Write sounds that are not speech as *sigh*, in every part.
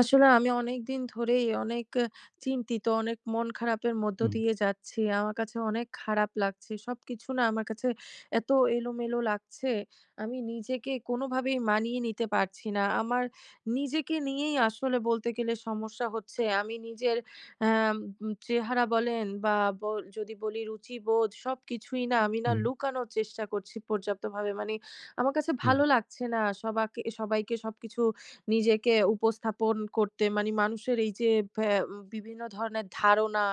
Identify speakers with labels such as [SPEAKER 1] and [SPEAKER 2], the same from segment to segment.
[SPEAKER 1] আসলে আমি অনেকদিন ধরেই অনেক অ চিন্তিত, অনেক মন খারাপের মধ্য
[SPEAKER 2] হুম।
[SPEAKER 1] দিয়ে যাচ্ছি। আমার কাছে অনেক খারাপ লাগছে। সবকিছু না আমার কাছে এত এলোমেলো লাগছে, আমি নিজেকে কোনভাবেই মানিয়ে নিতে পারছি না। আমার নিজেকে নিয়েই আসলে বলতে গেলে সমস্যা হচ্ছে। আমি নিজের অ্যা আম চেহারা বলেন বা ব যদি বলি রুচিবোধ সবকিছুই না আমি না
[SPEAKER 2] হুম।
[SPEAKER 1] লুকানোর চেষ্টা করছি পর্যাপ্তভাবে। মানে আমার কাছে ভালো
[SPEAKER 2] জি।
[SPEAKER 1] লাগছে না। সবাকে সবাইকে সবকিছু নিজেকে উপস্থাপন করতে মানে মানুষের এই যে ভ্যা ম বিভিন্ন ধরনের ধারণা,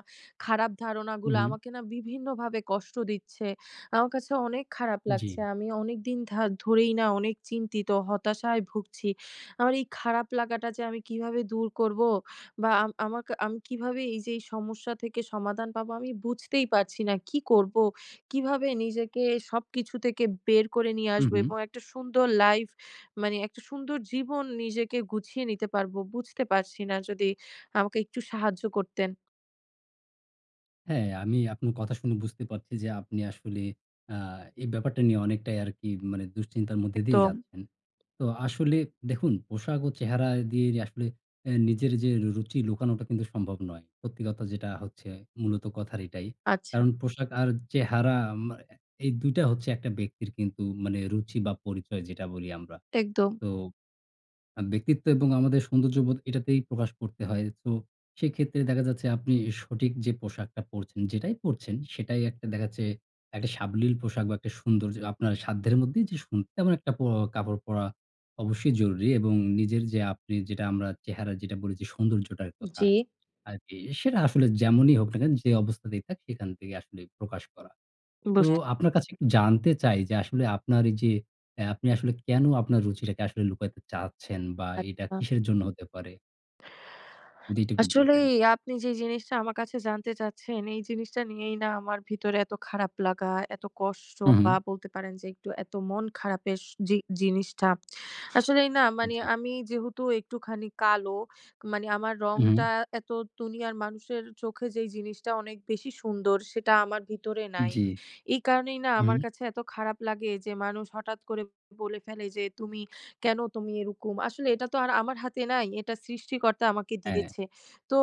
[SPEAKER 1] খারাপ ধারণাগুলা
[SPEAKER 2] উহুম।
[SPEAKER 1] আমাকে না বিভিন্নভাবে কষ্ট দিচ্ছে। আমার কাছে অনেক খারাপ লাগছে।
[SPEAKER 2] জি।
[SPEAKER 1] আমি অনেকদিন ধা ধরেই না অনেক চিন্তিত, হতাশায় ভুগছি। আমার এই খারাপ লাগাটা যে আমি কীভাবে দূর করবো বা আম আমাক আমি কীভাবে এইযে এই সমস্যা থেকে সমাধান পাবো আমি বুঝতেই পারছি না; কি করবো? কিভাবে নিজেকে সবকিছু থেকে বের করে নিয়ে আসবো?
[SPEAKER 2] উহুম।
[SPEAKER 1] এবং একটা সুন্দর লাইফ মানে, একটা সুন্দর জীবন নিজেকে গুছিয়ে নিতে পারবো বুঝতে পারছি না। যদি আমাকে একটু সাহায্য করতেন।
[SPEAKER 2] হ্যাঁ, আমি আপনি কথা শুনে বুঝতে পারছি যে, আপনি আসলে আ এই ব্যাপারটা নিয়ে অনেকটাই আরকি মানে দুশ্চিন্তার মধ্যে দিয়েই
[SPEAKER 1] একদম।
[SPEAKER 2] যাচ্ছেন। তো আসলে দেখুন পোশাক ও চেহারা দিয়ে আসলে অ্যা নিজের যে র রুচি লুকানোটা কিন্তু সম্ভব নয়। সত্যি কথা যেটা হচ্ছে মূলত কথার এটাই।
[SPEAKER 1] আচ্ছা।
[SPEAKER 2] কারণ পোশাক আর চেহারা মা এ এই ২ টা হচ্ছে একটা ব্যক্তির কিন্তু মানে রুচি বা পরিচয় যেটা বলি আমরা।
[SPEAKER 1] একদম।
[SPEAKER 2] তো আ ব্যক্তিত্ব এবং আমাদের সৌন্দর্যবোধ এটাতেই প্রকাশ করতে হয়। তো সেক্ষেত্রে দেখা যাচ্ছে আপনি সঠিক যে পোশাকটা পড়ছেন, যেটাই পড়ছেন সেটাই একটা দেখা যাচ্ছে, একটা সাবলীল পোশাক। বা একটা সুন্দর্য আপনার সাধ্যের মধ্যেই যে, সুন তেমন একটা প কাপড় পরা অবশ্যই জরুরি। এবং নিজের যে আপনে যেটা আমরা চেহারা যেটা বলেছি সৌন্দর্যটার কথা
[SPEAKER 1] জ্বি।
[SPEAKER 2] আরকি, সেটা আসলে যেমনই হোক না কেন যে অবস্থাতেই থাক, সেখান থেকে আসলে প্রকাশ করা। তো
[SPEAKER 1] বুছ
[SPEAKER 2] আপনার কাছে একটু জানতে চাই যে, আসলে আপনার এইযে অ্যা আপনি আসলে কেনো আপনার রুচিটাকে আসলে লুকাইতে চাচ্ছেন বা এইটা
[SPEAKER 1] আচ্ছা।
[SPEAKER 2] কিসের জন্য হতে পারে? যেটি একটু বলতেন।
[SPEAKER 1] আসলেই আপনি যে জিনিসটা আমার কাছে জানতে চাচ্ছেন, এই জিনিসটা নিয়েই না আমার ভিতরে এতো খারাপ লাগা, এতো কষ্ট
[SPEAKER 2] হুম, হুম।
[SPEAKER 1] বা বলতে পারেন যে এতো মন খারাপের স যে জিনিসটা। আসলেই না মানি,
[SPEAKER 2] জ্বি।
[SPEAKER 1] আমি যেহেতু একটুখানি কালো, মানি আমার
[SPEAKER 2] হুম।
[SPEAKER 1] রংটা এতো দুনিয়ার মানুষের চোখে যেই জিনিসটা অনেক বেশি সুন্দর সেটা আমার ভিতরে নাই।
[SPEAKER 2] জ্বি,
[SPEAKER 1] এই কারণেই না, আমার
[SPEAKER 2] হুম।
[SPEAKER 1] কাছে এতো খারাপ লাগে। যে মানুষ হঠাৎ করে বলে ফেলে যে তুমি কেনো তুমি এরোকম? আসলে এটা তো আর আমার হাতে নাই। এটা সৃষ্টিকর্তা আমাকে
[SPEAKER 2] হ্যাঁ।
[SPEAKER 1] দিয়েছে। তো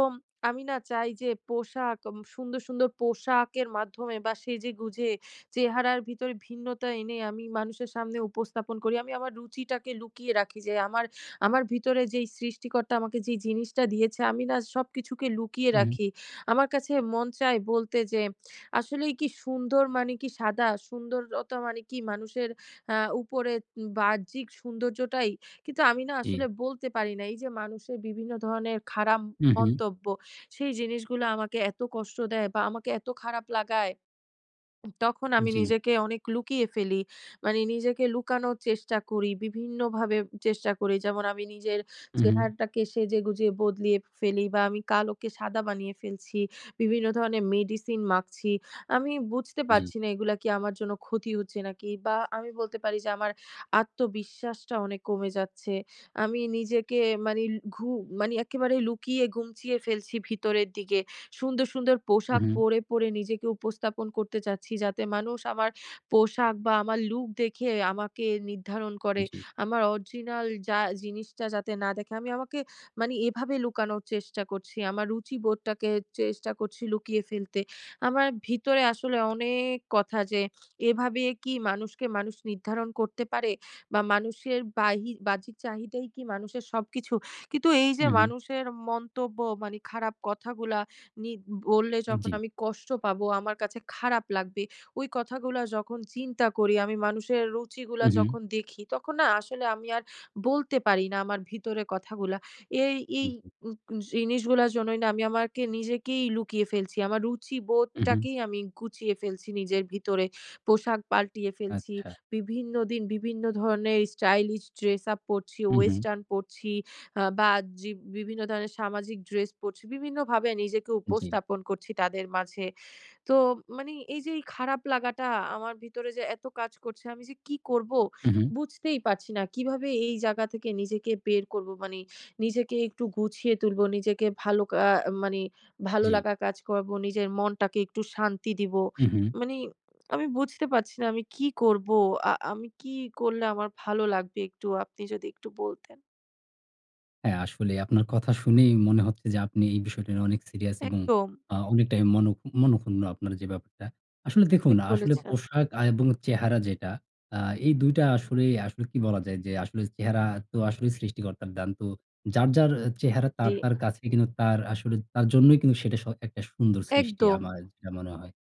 [SPEAKER 1] আমি না চাই যে, পোশা্‌ সুন্দর, সুন্দর পোশাকের মাধ্যমে বা সেজে গুঁজে চেহারার ভিতরে ভিন্নতা এনে আমি মানুষের সামনে উপস্থাপন করি। আমি আমার রুচিটাকে লুকিয়ে রাখি। যে আমার, আমার ভিতরে যেই সৃষ্টি সৃষ্টিকর্তা আমাকে যেই জিনিসটা দিয়েছে আমি না সবকিছুকে লুকিয়ে
[SPEAKER 2] হুম।
[SPEAKER 1] রাখি। আমার কাছে মন চায় বলতে যে আসলেই কি সুন্দর মানে কি সাদা? সুন্দরতা মানে কি মানুষের আ উপরে বাহ্যিক সৌন্দর্যটাই? কিন্তু আমি না আসলে
[SPEAKER 2] জি।
[SPEAKER 1] বলতে পারি না। এইযে মানুষের বিভিন্ন ধরনের খারাপ
[SPEAKER 2] হুম, হুম।
[SPEAKER 1] মন্তব্য, সেই জিনিসগুলো আমাকে এতো কষ্ট দেয় বা আমাকে এতো খারাপ লাগায়। উ তখন আমি
[SPEAKER 2] জ্বি।
[SPEAKER 1] নিজেকে অনেক লুকিয়ে ফেলি। মানি নিজেকে লুকানোর চেষ্টা করি। বিভিন্নভাবে চেষ্টা করি। যেমন আমি নিজের
[SPEAKER 2] হু, হুম।
[SPEAKER 1] চেহারাটাকে সেজেগুজে বদলিয়ে ফেলি। বা আমি কালোকে সাদা বানিয়ে ফেলছি। বিভিন্ন ধরনের মেডিসিন মাখছি। আমি বুঝতে
[SPEAKER 2] জ্বি।
[SPEAKER 1] পারছি না এগুলো কি আমার জন্য ক্ষতি হচ্ছে নাকি? বা আমি বলতে পারি যে, আমার আত্মবিশ্বাসটা অনেক কমে যাচ্ছে। আমি নিজেকে মানি ঘু মানে একেবারে লুকিয়ে গুমচিয়ে ফেলছি ভিতরের দিকে। সুন্দর, সুন্দর
[SPEAKER 2] হুম,
[SPEAKER 1] পোশাক
[SPEAKER 2] হুম।
[SPEAKER 1] পরে, পরে নিজেকে উপস্থাপন করতে চাচ্ছি। যাতে মানুষ আমার পোশাক বা আমার লুক দেখে আমাকে নির্ধারণ করে।
[SPEAKER 2] জ্বি।
[SPEAKER 1] আমার অরজিনাল যা জিনিসটা যাতে না দেখে। আমি আমাকে মানি এভাবে লুকানোর চেষ্টা করছি। আমার রুচিবোধটাকে চেষ্টা করছি লুকিয়ে ফেলতে। আমার ভিতরে আসলে অনেক কথা যে, এভাবে কি মানুষকে মানুষ নির্ধারণ করতে পারে? বা মানুষের বাহি বাহ্যিক চাহিদাই কি মানুষের সবকিছু? কিন্তু এইযে
[SPEAKER 2] হুম, হুম।
[SPEAKER 1] মানুষের মন্তব্য, মানে খারাপ কথাগুলা নি বললে যখন
[SPEAKER 2] জ্বি।
[SPEAKER 1] আমি কষ্ট পাবো, আমার কাছে খারাপ লাগবে, ওই কথাগুলো যখন চিন্তা করি, আমি মানুষের রুচিগুলো
[SPEAKER 2] হু, হুম।
[SPEAKER 1] যখন দেখি, তখন না আসলে আমি আর বলতে পারি না, আমার ভিতরে কথাগুলো। এ এই
[SPEAKER 2] জ্বি।
[SPEAKER 1] জিনিসগুলার জন্যই না আমি, আমাকে নিজেকেই লুকিয়ে ফেলছি। আমার
[SPEAKER 2] হু, হুম।
[SPEAKER 1] রুচিবোধটাকেই আমি গুচিয়ে ফেলছি নিজের ভিতরে। পোশাক পালটিয়ে ফেলছি,
[SPEAKER 2] আচ্ছা।
[SPEAKER 1] বিভিন্ন দিন বিভিন্ন ধরনের স্টাইলিশ ড্রেস আপ পরছি,
[SPEAKER 2] হু, হুম।
[SPEAKER 1] ওয়েস্টার্ন পরছি আ বা, আ জি বিভিন্ন ধরনের সামাজিক ড্রেস পরছি, বিভিন্নভাবে নিজেকে
[SPEAKER 2] জ্বি।
[SPEAKER 1] উপস্থাপন করছি তাদের মাঝে। তো মানি এইযে খারাপ লাগাটা আমার ভিতরে যে এতো কাজ করছে, আমি যে কি করবো
[SPEAKER 2] হু, হুম।
[SPEAKER 1] বুঝতেই পারছি না। কিভাবে এই জায়গা থেকে নিজেকে বের করবো। মানি নিজেকে একটু গুছিয়ে তুলবো, নিজেকে ভালো কা আ মানি ভালো
[SPEAKER 2] জ্বি।
[SPEAKER 1] লাগা কাজ করবো। নিজের মনটাকে একটু শান্তি দিবো।
[SPEAKER 2] হু, হুম।
[SPEAKER 1] মানি আমি বুঝতে পারছি না আমি কি করবো? আ আমি কি করলে আমার ভালো লাগবে একটু আপনি যদি একটু বলতেন।
[SPEAKER 2] হ্যাঁ আসলেই আপনার কথা শুনেই মনে হচ্ছে যে আপনি এই বিষয়টা নিয়ে অনেক সিরিয়াস এবং
[SPEAKER 1] একদম।
[SPEAKER 2] আ অনেকটাই মন মনঃক্ষুণ্ণ, আপনার যে ব্যাপারটা। আসলে দেখুন,
[SPEAKER 1] ঠিক
[SPEAKER 2] আসলে
[SPEAKER 1] বলেছেন।
[SPEAKER 2] পোশাক আ এবং চেহারা যেটা আ এই ২ টা আসলেই আসলে কি বলা যায় যে আসলে চেহারা তো আসলে সৃষ্টিকর্তার দান। তো যার, যার আ চেহারা তার,
[SPEAKER 1] জি।
[SPEAKER 2] তার কাছেই কিন্তু তার আসলে তার জন্যই কিন্তু সেটা স একটা সুন্দর সৃষ্টি,
[SPEAKER 1] একদম।
[SPEAKER 2] আমার যেটা মনে হয়।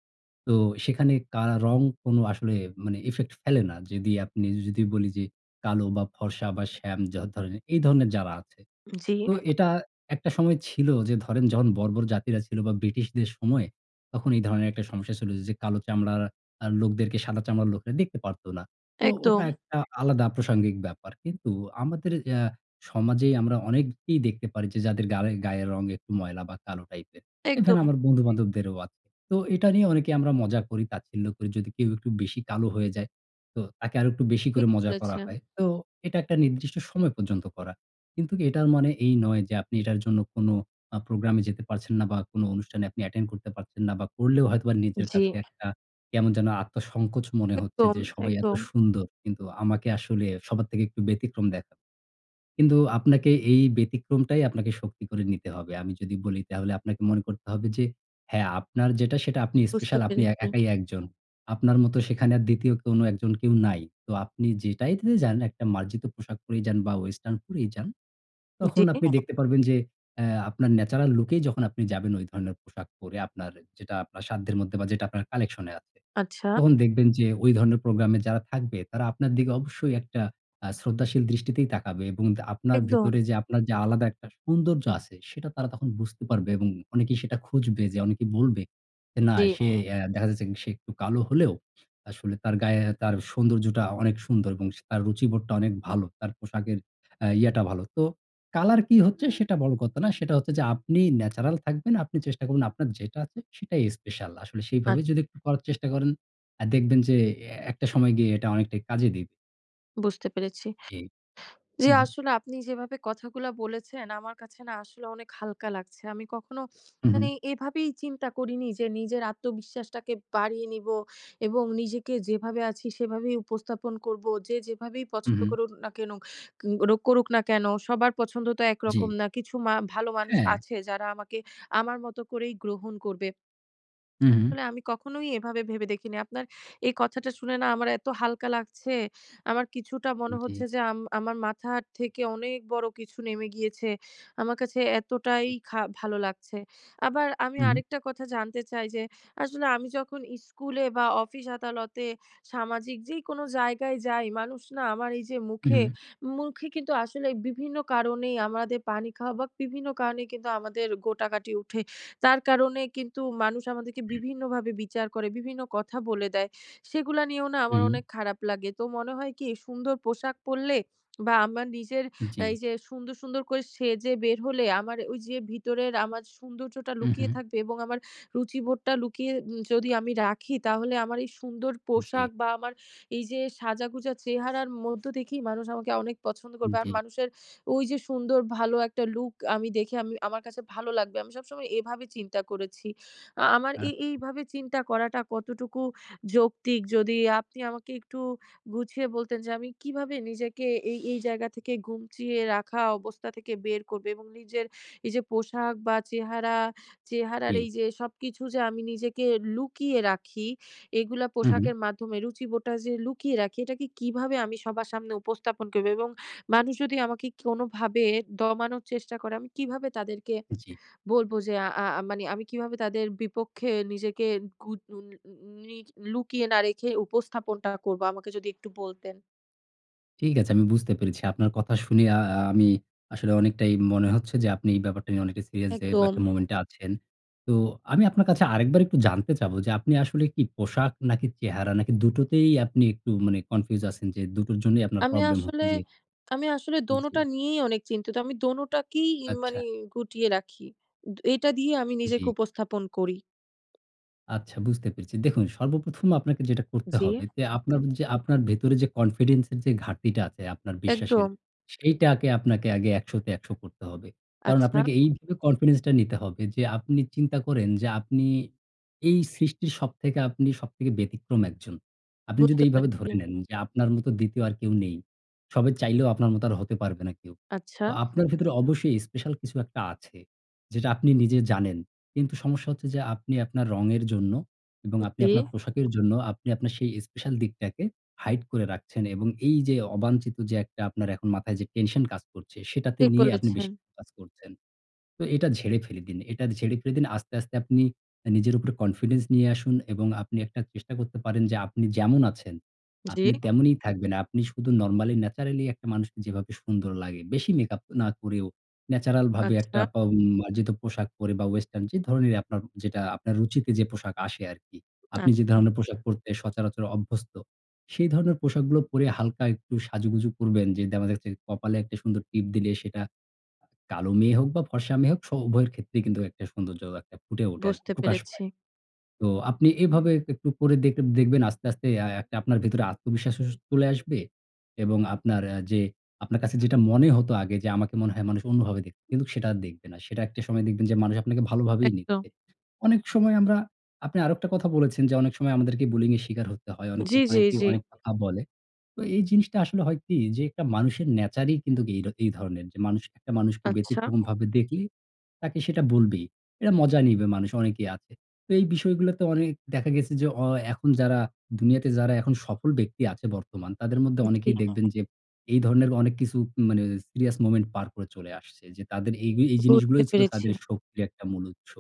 [SPEAKER 2] তো সেখানে কা রং কোন আসলে মানে effect ফেলে না। যদি আপনি যদি বলি যে, "কালো বা, ফর্সা বা, শ্যাম যা ধরনে এই ধরনের যারা আছে।
[SPEAKER 1] জি।
[SPEAKER 2] তো এটা একটা সময় ছিল যে ধরেন, যখন বর্বর জাতিরা ছিল বা ব্রিটিশদের সময়ে, তখন এই ধরনের একটা সমস্যা ছিল যে কালো চামড়ারা আ লোকদেরকে সাদা চামড়ার লোকেরা দেখতে পারত না।" তো ওটা
[SPEAKER 1] একদম।
[SPEAKER 2] একটা আলাদা প্রাসঙ্গিক ব্যাপার। কিন্তু আমাদের আ সমাজেই আমরা অনেককেই দেখতে পারি যে যাদের গালে গায়ের একটু রঙ ময়লা বা কালো টাইপের। এ ধরেন
[SPEAKER 1] একদম।
[SPEAKER 2] আমার বন্ধু-বান্ধবদেরও আছে। তো এটা নিয়ে অনেকে আমরা মজা করি, তাচ্ছিল্য করি যদি কেউ একটু বেশি কালো হয়ে যায়। তো তাকে আরো একটু বেশি করে
[SPEAKER 1] ঠিক
[SPEAKER 2] মজা করা
[SPEAKER 1] বলেছেন।
[SPEAKER 2] হয়। তো এটা একটা নির্দিষ্ট সময় পর্যন্ত করা। কিন্তু এটার মনে এই নয় যে আপনি এটার জন্য কোন আ প্রোগ্রামে যেতে পারছেন না বা কোন অনুষ্ঠানে আপনি attend করতে পারছেন না বা করলেও হয়তোবা নিজের
[SPEAKER 1] জি।
[SPEAKER 2] কাছে একটা, কেমন যেন আত্মসংকোচ মনে হচ্ছে
[SPEAKER 1] একদম,
[SPEAKER 2] যে, "সবাই এত
[SPEAKER 1] একদম।
[SPEAKER 2] সুন্দর, কিন্তু আমাকে আসলে সবার থেকে একটু ব্যতিক্রম দেখা" কিন্তু আপনাকে এই ব্যতিক্রমটাই আপনাকে শক্তি করে নিতে হবে। আমি যদি বলি তাহলে আপনাকে মনে করতে হবে যে, "হ্যাঁ আপনার যেটা, সেটা আপনি
[SPEAKER 1] বুঝতে
[SPEAKER 2] স্পেশাল, আপনি এ
[SPEAKER 1] পেরেছি।
[SPEAKER 2] একাই একজন, আপনার মতো সেখানে আর দ্বিতীয় কোনো একজন কেউ নাই।" তো আপনি যেটাইতে যান, একটা মার্জিত পোশাক পরেই যান বা, western পরেই যান, তখন
[SPEAKER 1] জি।
[SPEAKER 2] আপনি দেখতে পারবেন যে অ্যা আপনার natural look এই যখন আপনি যাবেন ওই ধরনের পোশাক পরে আপনার যেটা আপনার সাধ্যের মধ্যে বা, যেটা আপনার collection এ আছে।
[SPEAKER 1] আচ্ছা।
[SPEAKER 2] তখন দেখবেন যে ওই ধরনের প্রোগ্রামে যারা থাকবে, তারা আপনার দিকে অবশ্যই একটা আ শ্রদ্ধাশীল দৃষ্টিতেই তাকাবে এবং দা আপনার
[SPEAKER 1] একদম।
[SPEAKER 2] ভেতরে যে আপনার যে আলাদা একটা সৌন্দর্য আছে সেটা তারা তখন বুঝতে পারবে এবং অনেকেই সেটা খুঁজবে যে অনেকেই বলবে, "এ না
[SPEAKER 1] জি।
[SPEAKER 2] সে এ দেখা যাচ্ছে সে একটু কালো হলেও, আসলে তার গায়ে তার সৌন্দর্যটা অনেক সুন্দর এবং সে তার রুচিবোধটা অনেক ভালো, তার পোশাকের অ্যা ইয়েটা ভালো।" তো কালার কী হচ্ছে সেটা বড় কথা না সেটা হচ্ছে যে আপনি natural থাকবেন, আপনি চেষ্টা করুন আপনার যেটা আছে, সেটাই স্পেশাল। আসলে
[SPEAKER 1] আ
[SPEAKER 2] সেইভাবেই যদি একটু করার চেষ্টা করেন অ্যা দেখবেন যে এ একটা সময় গিয়ে এটা অনেকটাই কাজে দিবে।
[SPEAKER 1] বুঝতে পেরেছি।
[SPEAKER 2] জি।
[SPEAKER 1] জি
[SPEAKER 2] হু, হুম।
[SPEAKER 1] আসলে আপনি যেভাবে কথাগুলা বলেছেন আমার কাছে না আসলে অনেক হালকা লাগছে। আমি কখনো *sniffs*
[SPEAKER 2] হুম, হুম।
[SPEAKER 1] মানে এভাবেই চিন্তা করিনি যে নিজের আত্মবিশ্বাসটাকে বাড়িয়ে নিবো। এবং নিজেকে যেভাবে আছি সেভাবেই উপস্থাপন করবো। যে যেভাবেই
[SPEAKER 2] হুম,
[SPEAKER 1] পছন্দ
[SPEAKER 2] হুম।
[SPEAKER 1] করুন না কেনো, কেন করুন না কেনো। সবার পছন্দ তো
[SPEAKER 2] জ্বি।
[SPEAKER 1] একরকম না। কিছু মা ভালো মানুষ
[SPEAKER 2] হ্যাঁ।
[SPEAKER 1] আছে, যারা আমাকে আমার মতো করেই গ্রহণ করবে।
[SPEAKER 2] হু,
[SPEAKER 1] *smacks lips*
[SPEAKER 2] হু।
[SPEAKER 1] আসলে আমি কখনোই এভাবে ভেবে দেখি নি। আপনার এই কথাটা শুনে না, আমার এত হালকা লাগছে, আমার কিছুটা মনে হচ্ছে
[SPEAKER 2] জ্বি।
[SPEAKER 1] যে আম আমার মাথার থেকে অনেক বড়ো কিছু নেমে গিয়েছে ,আমার কাছে এতটাই খা ভালো লাগছে। আবার আমি
[SPEAKER 2] হুম।
[SPEAKER 1] আরেকটা কথা জানতে চাই যে, আসলে আমি যখন স্কুলে বা অফিস-আদালতে, সামাজিক যেইকোনো জায়গায় যাই, মানুষ না আমার এইযে মুখে,
[SPEAKER 2] উহুম।
[SPEAKER 1] মুখে কিন্তু আসলে বিভিন্ন কারণেই আমাদের পানি খাওয়া বা বিভিন্ন কারণেই কিন্তু আমাদের গোটাাগাটি উঠে। তার কারণে কিন্তু মানুষ আমাদেরকে বিভিন্নভাবে বিচার করে, বিভিন্ন কথা বলে দেয়। সেগুলা নিয়েও না আমার
[SPEAKER 2] হুম।
[SPEAKER 1] অনেক খারাপ লাগে। তো মনে হয় কি সুন্দর পোশাক পড়লে বা আমার নিজের
[SPEAKER 2] জ্বি।
[SPEAKER 1] এইযে সুন্দর, সুন্দর করে সেজে বের হলে আমার ওইযে, ভিতরের আমার সৌন্দর্যটা
[SPEAKER 2] হুম,
[SPEAKER 1] লুকিয়ে
[SPEAKER 2] হুম।
[SPEAKER 1] থাকবে। এবং আমার রুচিবোধটা লুকিয়ে যদি আমি রাখি তাহলে আমার এই সুন্দর
[SPEAKER 2] জ্বী।
[SPEAKER 1] পোশাক বা আমার এইযে, সাজাগোজা চেহারার মধ্যে দেখেই মানুষ আমাকে অনেক পছন্দ করবে। আর
[SPEAKER 2] জ্বী।
[SPEAKER 1] মানুষের ওইযে, সুন্দর ভালো একটা লুক আমি দেখে আমি আমার কাছে ভালো লাগবে। আমি সবসময় এভাবে চিন্তা করেছি। আ আমার
[SPEAKER 2] আচ্ছা।
[SPEAKER 1] এ এইভাবে চিন্তা করাটা কতটুকু যৌক্তিক, যদি আপনি আমাকে একটু গুছিয়ে বলতেন যে, আমি কীভাবে নিজেকে এই, এই জায়গা থেকে গুটিয়ে রাখা অবস্থা থেকে বের করবো? এবং নিজের এইযে পোশাক বা চেহারা, চেহারার
[SPEAKER 2] জি।
[SPEAKER 1] এইযে সবকিছু যে আমি নিজেকে লুকিয়ে রাখি এগুলা
[SPEAKER 2] হু, হু।
[SPEAKER 1] পোশাকের মাধ্যমে রুচিবোধটা যে, লুকিয়ে রাখি এটাকে কীভাবে আমি সবার সামনে উপস্থাপন করবো? এবং মানুষ যদি আমাকে কি কোনোভাবে দমানোর চেষ্টা করে আমি কীভাবে তাদেরকে
[SPEAKER 2] জ্বি।
[SPEAKER 1] বলবো যে, আ আ মানে আমি কিভাবে তাদের বিপক্ষে নিজেকে *unintelligible* লুকিয়ে না রেখে উপস্থাপনটা করবো? আমাকে যদি একটু বলতেন।
[SPEAKER 2] ঠিক আছে, আমি বুঝতে পেরেছি। আপনার কথা শুনে আ আ আমি আসলে অনেকটাই মনে হচ্ছে যে, আপনি এই ব্যাপারটা নিয়ে অনেকটাই সিরিয়াস যে
[SPEAKER 1] একদম।
[SPEAKER 2] একটা moment আছেন। তো আমি আপনার কাছে আরেকবার একটু জানতে চাব যে, আপনি আসলে কি পোশাক নাকি, চেহারা নাকি দুটোতেই আপনি একটু মানে confuse আছেন? যে দুটোর জন্যই আপনার
[SPEAKER 1] আমি
[SPEAKER 2] প্রবলেম
[SPEAKER 1] আসলে
[SPEAKER 2] হচ্ছে। জি।
[SPEAKER 1] আমি আসলে দোনোটা
[SPEAKER 2] জি।
[SPEAKER 1] নিয়েই অনেক চিন্তিত আমি দোনোটাকেই ইন মানে
[SPEAKER 2] আচ্ছা।
[SPEAKER 1] গুটিয়ে রাখি। এ এটা দিয়েই আমি নিজেকে
[SPEAKER 2] জি।
[SPEAKER 1] উপস্থাপন করি।
[SPEAKER 2] আচ্ছা, বুঝতে পেরেছি। দেখুন, সর্বপ্রথম আপনাকে যেটা করতে
[SPEAKER 1] জি।
[SPEAKER 2] হবে যে আপনার যে আপনার ভেতরে যে confidence এর যে ঘাটতিটা আছে আপনার বিশ্বাসের,
[SPEAKER 1] একদম।
[SPEAKER 2] সেইটাকে আপনাকে আগে ১০০ তে ১০০ করতে হবে। কারণ,
[SPEAKER 1] আচ্ছা।
[SPEAKER 2] আপনাকে এইভাবে confidence টা নিতে হবে যে, আপনি চিন্তা করেন যে আপনি এই সৃষ্টির সবথেকে আপনি সবথেকে ব্যতিক্রম ১ জন। আপনি যদি
[SPEAKER 1] বুঝতে
[SPEAKER 2] এইভাবে
[SPEAKER 1] পেরেছি।
[SPEAKER 2] ধরে নেন যে আপনার মতো ২য় আর কেউ নেই। সবাই চাইলেও আপনার মতো আর হতে পারবে না কেউ।
[SPEAKER 1] আচ্ছা।
[SPEAKER 2] তো আপনার ভেতরে অবশ্যই স্পেশাল কিছু একটা আছে, যেটা আপনি নিজে জানেন। কিন্তু সমস্যা হচ্ছে যে আপনি আপনার রঙের জন্য এবং আপনি
[SPEAKER 1] জি।
[SPEAKER 2] আপনার পোশাকের জন্য আপনি আপনার সেই স্পেশাল দিকটাকে hide করে রাখছেন এবং এইযে অবাঞ্চিত যে একটা আপনার এখন মাথায় যে টেনশন কাজ করছে, সেটাতে
[SPEAKER 1] ঠিক
[SPEAKER 2] নিয়ে আপনি
[SPEAKER 1] বলেছেন।
[SPEAKER 2] বেশি ফোকাস করছেন। তো এটা ঝেড়ে ফেলে দিন এটা ঝেড়ে ফেলে দিন। আস্তে, আস্তে আপনি আ নিজের উপর confidence নিয়ে আসুন এবং আপনি একটা চেষ্টা করতে পারেন যে আপনি যেমন আছেন,
[SPEAKER 1] জি।
[SPEAKER 2] আপনি তেমনই থাকবেন। আপনি শুধু normally naturally একটা মানুষকে যেভাবে সুন্দর লাগে। বেশি মেকআপ না করেও natural ভাবে একটা
[SPEAKER 1] আচ্ছা।
[SPEAKER 2] বা মার্জিত পোশাক পরে বা, western যে ধরনেরই আপনার যেটা আপনার রুচিতে যে পোশাক আসে আরকি। আপনি
[SPEAKER 1] আচ
[SPEAKER 2] যে
[SPEAKER 1] আ
[SPEAKER 2] ধরনের পোশাক পরতে সচরাচর অভ্যস্ত, সেই ধরনের পোশাকগুলো পরে হালকা একটু সাজুগুজু করবেন। যে দেখা যাচ্ছে কপালে একটা সুন্দর টিপ দিলে সেটা কা কালো মেয়ে হোক বা, ফর্সা মেয়ে হোক স উভয়ের ক্ষেত্রেই কিন্তু একটা সৌন্দর্য একটা ফুটে ওঠে আরকি,
[SPEAKER 1] বুঝতে
[SPEAKER 2] প্রকাশ
[SPEAKER 1] পেরেছি।
[SPEAKER 2] পায়। তো আপনি এভাবে এক একটু করে দেখ-দেখবেন আস্তে, আস্তে আএ একটা আপনার ভেতরে আত্মবিশ্বাস চলে আসবে এবং আপনার আ যে আপনার কাছে যেটা মনে হতো আগে যে আমাকে মনে হয় মানুষ অন্যভাবে দেখবে, কিন্তু সেটা আর দেখবে না। সেটা একটা সময় দেখবেন যে মানুষ আপনাকে ভালোভাবেই
[SPEAKER 1] একদম।
[SPEAKER 2] নিচ্ছে। অনেক সময় আমরা আপনি আরেকটা কথা বলেছেন যে অনেক সময় আমাদেরকে bullying এর শিকার হতে হয়, অনেক
[SPEAKER 1] জি,
[SPEAKER 2] সময়
[SPEAKER 1] জি,
[SPEAKER 2] অনেকেই
[SPEAKER 1] জি।
[SPEAKER 2] অনেক কথা বলে। তো এই জিনিসটা আসলে হয় কি যে একটা মানুষের nature ই কিন্তু এ এই ধরনের। মানুষ একটা মানুষকে
[SPEAKER 1] আচ্ছা।
[SPEAKER 2] ব্যতিক্রমভাবে দেখলে তাকে সেটা বলবেই। এটা মজা নিবে, মানুষ অনেকেই আছে। তো এই বিষয়গুলোতে অনেক দেখা গেছে যে অ এখন যারা দুনিয়াতে যারা এখন সফল ব্যক্তি আছে বর্তমান, তাদের মধ্যে
[SPEAKER 1] জি।
[SPEAKER 2] অনেকেই দেখবেন যে এই ধরনের অনেক কিছু মানে সিরিয়াস moment পার করে চলে আসছে, যে তাদের এই এই
[SPEAKER 1] বুঝতে
[SPEAKER 2] জিনিসগুলোই ছিল
[SPEAKER 1] পেরেছি।
[SPEAKER 2] তাদের শক্তির একটা মূল উৎস।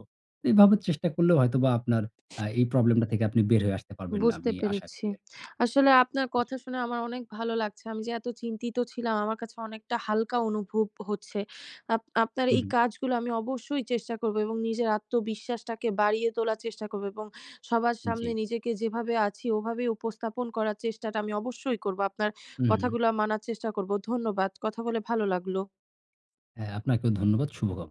[SPEAKER 2] এভাবে চেষ্টা করলেও হয়তোবা আপনার আ এই প্রবলেমটা থেকে আপনি বের হয়ে আসতে পারবেন
[SPEAKER 1] বুঝতে
[SPEAKER 2] আমি আশা
[SPEAKER 1] পেরেছি।
[SPEAKER 2] করি আরকি।
[SPEAKER 1] আসলে আপনার
[SPEAKER 2] জি।
[SPEAKER 1] কথা শুনে আমার অনেক ভালো লাগছে। আমি যে এত চিন্তিত ছিলাম, আমার কাছে অনেকটা হালকা অনুভব হচ্ছে। আপ আপনার
[SPEAKER 2] হু,
[SPEAKER 1] এই
[SPEAKER 2] হুম।
[SPEAKER 1] কাজগুলো আমি অবশ্যই চেষ্টা করবো এবং নিজের আত্মবিশ্বাসটাকে বাড়িয়ে তোলার চেষ্টা করবো এবং সবার সামনে
[SPEAKER 2] জি।
[SPEAKER 1] *smacks lips* নিজেকে যেভাবে আছি, ওভাবেই উপস্থাপন করার চেষ্টাটা আমি অবশ্যই করবো। আপনার
[SPEAKER 2] হু, হুম।
[SPEAKER 1] কথাগুলা মানার চেষ্টা করবো। ধন্যবাদ। কথা বলে ভালো লাগলো।
[SPEAKER 2] হ্যাঁ, আপনাকেও ধন্যবাদ। শুভকাম